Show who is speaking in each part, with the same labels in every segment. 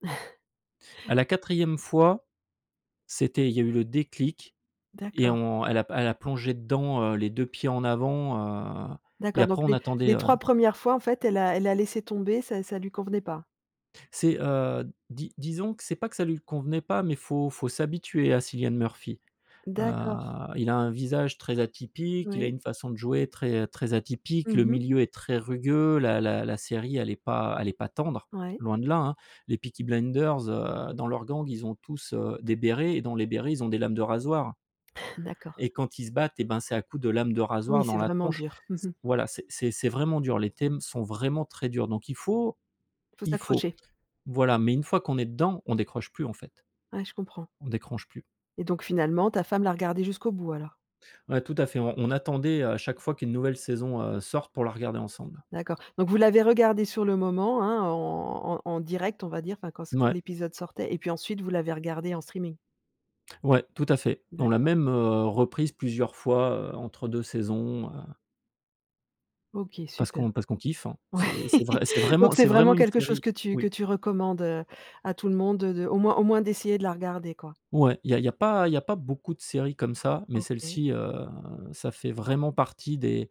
Speaker 1: À la 4e fois, c'était il y a eu le déclic et
Speaker 2: D'accord.
Speaker 1: on elle a p elle a plongé dedans, heu, les 2 pieds en avant, heu, et
Speaker 2: D'accord, donc
Speaker 1: après on
Speaker 2: les
Speaker 1: attendait
Speaker 2: les
Speaker 1: heu
Speaker 2: 3 1res fois, en fait, elle a elle a laissé tomber, ça ça lui convenait pas?
Speaker 1: C'est, heu, di disons que c'est pas que ça lui convenait pas mais faut faut s'habituer à Cilian Murphy. Heu,
Speaker 2: D'accord.
Speaker 1: Il a un visage très atypique, il a
Speaker 2: Oui.
Speaker 1: une façon de jouer très, heu très atypique.
Speaker 2: Mmh
Speaker 1: Le
Speaker 2: mh.
Speaker 1: milieu est très rugueux, la la la série elle est pas elle est pas tendre,
Speaker 2: Ouais.
Speaker 1: loin de là, hein, les Peaky Blinders, heu, dans leurs gangs, ils ont tous, heu, des bérets et dans les bérets, ils ont des lames de rasoir
Speaker 2: D'accord.
Speaker 1: et quand ils se battent et ben c'est à coup de lames de
Speaker 2: Oui,
Speaker 1: rasoir dans
Speaker 2: c'est
Speaker 1: la
Speaker 2: vraiment
Speaker 1: tronche
Speaker 2: dur, mmh
Speaker 1: s
Speaker 2: mh.
Speaker 1: voilà, c'est c'est c'est vraiment dur. Les thèmes sont vraiment très durs, donc il faut
Speaker 2: Il faut
Speaker 1: il faut.
Speaker 2: s'accrocher.
Speaker 1: Voilà, mais une fois qu'on est dedans, on décroche plus en fait.
Speaker 2: Ouais je comprends.
Speaker 1: On décroche plus.
Speaker 2: Et donc finalement ta femme l'a regardé jusqu'au bout, alors?
Speaker 1: Ouais tout à fait, on on attendait à chaque fois qu'une nouvelle saison, heu, sorte pour la regarder ensemble.
Speaker 2: D'accord, donc vous l'avez regardé sur le moment, hein, en en en direct, on va dire, enfin quand se quand
Speaker 1: Mouais.
Speaker 2: l'épisode sortait et puis ensuite vous l'avez regardé en streaming?
Speaker 1: Ouais, tout à fait. On l'a
Speaker 2: D'accord.
Speaker 1: même, heu, reprise plusieurs fois, heu, entre 2 saisons, heu
Speaker 2: OK
Speaker 1: parce qu'on
Speaker 2: super.
Speaker 1: parce qu'on kiffe, hein.
Speaker 2: Oui.
Speaker 1: C'est c'est vrai c'est
Speaker 2: Donc
Speaker 1: vraiment
Speaker 2: c'est
Speaker 1: c'est
Speaker 2: vraiment
Speaker 1: vraiment une
Speaker 2: quelque chose
Speaker 1: série
Speaker 2: que tu que
Speaker 1: oui.
Speaker 2: tu recommandes, heu, à tout le monde, heu, de au moins au moins d'essayer de la regarder, quoi?
Speaker 1: Ouais, il y a il y a pas il y a pas beaucoup de séries comme ça, mais
Speaker 2: OK.
Speaker 1: celle-ci, heu, ça fait vraiment partie des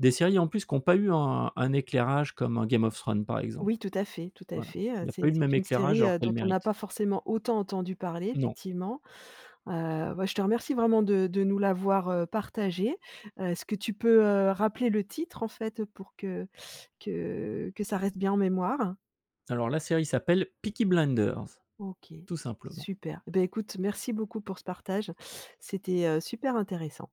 Speaker 1: des séries en plus qui ont pas eu un un éclairage comme un Game of Thrones par exemple.
Speaker 2: Oui, tout à fait, tout à
Speaker 1: Voilà
Speaker 2: fait, heu,
Speaker 1: il y a pas
Speaker 2: c'est
Speaker 1: eu le même
Speaker 2: c'est une
Speaker 1: éclairage
Speaker 2: série,
Speaker 1: alors
Speaker 2: heu,
Speaker 1: qu'elle
Speaker 2: dont on n'a
Speaker 1: mérite.
Speaker 2: pas forcément autant entendu parler
Speaker 1: Non.
Speaker 2: effectivement. Heu, bah je te remercie vraiment de de nous l'avoir, heu, partagée, heu, est-ce que tu peux, heu, rappeler le titre, en fait, pour que que que ça reste bien en mémoire?
Speaker 1: Alors la série s'appelle Peaky Blinders,
Speaker 2: OK s
Speaker 1: tout simplement.
Speaker 2: super. Beh écoute merci beaucoup pour ce partage, c'était, heu, super intéressant.